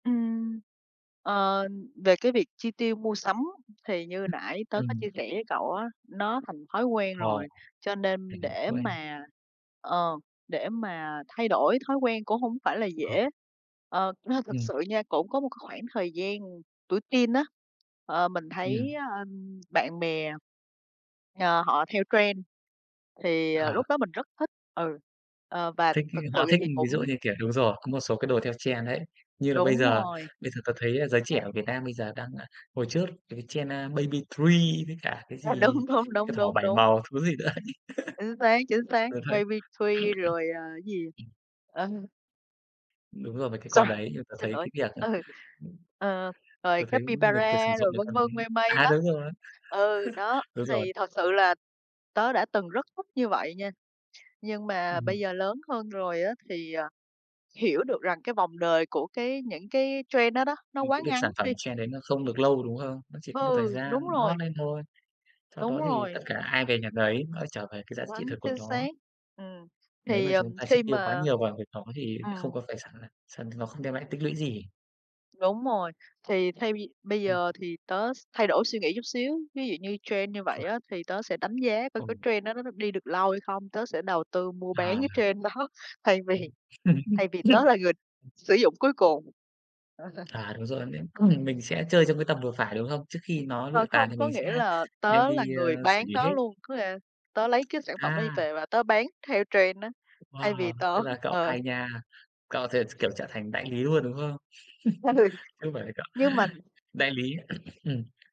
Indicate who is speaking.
Speaker 1: Ừm, ờ, về cái việc chi tiêu mua sắm thì như nãy tớ có
Speaker 2: Ừm.
Speaker 1: chia sẻ với cậu á, nó thành thói quen
Speaker 2: Ồ.
Speaker 1: rồi, cho nên để
Speaker 2: [unintelligible]
Speaker 1: mà ờ, để mà thay đổi thói quen cũng hổng phải là dễ, ờ. Ơ, thực
Speaker 2: Ừm.
Speaker 1: sự nha, cũng có một cái khoảng thời gian tuổi teen á, ờ, mình
Speaker 2: Ừm.
Speaker 1: thấy, ơ, bạn bè, ờ, họ theo trend, thì, ờ,
Speaker 2: Ờ.
Speaker 1: lúc đó mình rất thích ừ, ờ, và
Speaker 2: Thích ấy
Speaker 1: thực sự
Speaker 2: họ thích,
Speaker 1: thì
Speaker 2: ví dụ
Speaker 1: cũng
Speaker 2: như, kiểu đúng rồi, có một số cái đồ theo trend đấy, như là bây
Speaker 1: Đúng
Speaker 2: giờ
Speaker 1: rồi.
Speaker 2: bây giờ tớ thấy giới trẻ ở Việt Nam bây giờ đang, ơ, hồi trước cái trend Baby Three với cả cái
Speaker 1: À,
Speaker 2: gì
Speaker 1: đúng, đúng, đúng,
Speaker 2: cái thỏ
Speaker 1: đúng,
Speaker 2: bảy
Speaker 1: đúng.
Speaker 2: màu, thứ gì nữa
Speaker 1: Chính xác, chính xác,
Speaker 2: Tớ thấy
Speaker 1: Baby Three rồi, à cái gì, ờ.
Speaker 2: Đúng rồi, mấy cái
Speaker 1: Sorr
Speaker 2: con đấy người ta
Speaker 1: xin
Speaker 2: thấy
Speaker 1: lỗi
Speaker 2: cái việc, ờ
Speaker 1: ừ, ờ, rồi
Speaker 2: Tớ thấy người ta sử
Speaker 1: Capybara,
Speaker 2: dụng
Speaker 1: rồi
Speaker 2: mấy
Speaker 1: vân
Speaker 2: con
Speaker 1: vân,
Speaker 2: đấy
Speaker 1: mây mây
Speaker 2: à,
Speaker 1: đó.
Speaker 2: đúng rồi,
Speaker 1: Ừ, đó,
Speaker 2: đúng rồi.
Speaker 1: thì thật sự là tớ đã từng rất thích như vậy nha, nhưng mà bây
Speaker 2: Ừm.
Speaker 1: giờ lớn hơn rồi á thì, ờ, hiểu được rằng cái vòng đời của cái những cái trend đó đó, nó
Speaker 2: Ừm,
Speaker 1: quá
Speaker 2: cái việc
Speaker 1: ngắn
Speaker 2: sản phẩm
Speaker 1: đi.
Speaker 2: trend đấy nó không được lâu, đúng không? Nó chỉ có một thời
Speaker 1: Ừ,
Speaker 2: gian
Speaker 1: đúng rồi.
Speaker 2: hot lên thôi, sau
Speaker 1: Đúng
Speaker 2: đó thì tất
Speaker 1: rồi.
Speaker 2: cả ai về nhà nấy, nó lại trở về cái giá trị
Speaker 1: Quá
Speaker 2: thực của
Speaker 1: chính xác,
Speaker 2: nó.
Speaker 1: ừm.
Speaker 2: Nếu
Speaker 1: Thì,
Speaker 2: mà
Speaker 1: ờ,
Speaker 2: chúng ta chi
Speaker 1: khi
Speaker 2: tiêu quá
Speaker 1: mà
Speaker 2: nhiều vào việc đó thì không
Speaker 1: ừm.
Speaker 2: có phải sàng sàng nó không đem lại tích lũy gì.
Speaker 1: Đúng rồi, thì thay vì bây giờ thì tớ s thay đổi suy nghĩ chút xíu, ví dụ như trend như vậy
Speaker 2: Chuẩn.
Speaker 1: á thì tớ sẽ đánh giá coi cái
Speaker 2: Ừ.
Speaker 1: trend đó nó đi được lâu hay không, tớ sẽ đầu tư mua bán
Speaker 2: Ờ.
Speaker 1: cái trend đó thay vì thay vì tớ là người sử dụng cuối cùng.
Speaker 2: À, đúng rồi, mình cứ mình mình sẽ chơi trong cái tầm vừa phải, đúng không? Trước khi nó
Speaker 1: Ờ,
Speaker 2: lụi tàn
Speaker 1: không,
Speaker 2: thì
Speaker 1: có
Speaker 2: mình
Speaker 1: nghĩa
Speaker 2: sẽ
Speaker 1: là
Speaker 2: đem
Speaker 1: tớ là
Speaker 2: đi,
Speaker 1: người
Speaker 2: ơ, xử
Speaker 1: bán
Speaker 2: lý
Speaker 1: nó
Speaker 2: hết.
Speaker 1: luôn, có nghĩa tớ lấy cái sản phẩm đó đi
Speaker 2: À.
Speaker 1: về và tớ bán theo trend á, thay vì
Speaker 2: Wow,
Speaker 1: tớ
Speaker 2: tức là cậu
Speaker 1: ờ.
Speaker 2: hay nha, cậu thì ch kiểu, trở thành đại lý luôn, đúng không? Chứ
Speaker 1: Ừ,
Speaker 2: không phải là cậu
Speaker 1: nhưng mà
Speaker 2: đại lý, ừm.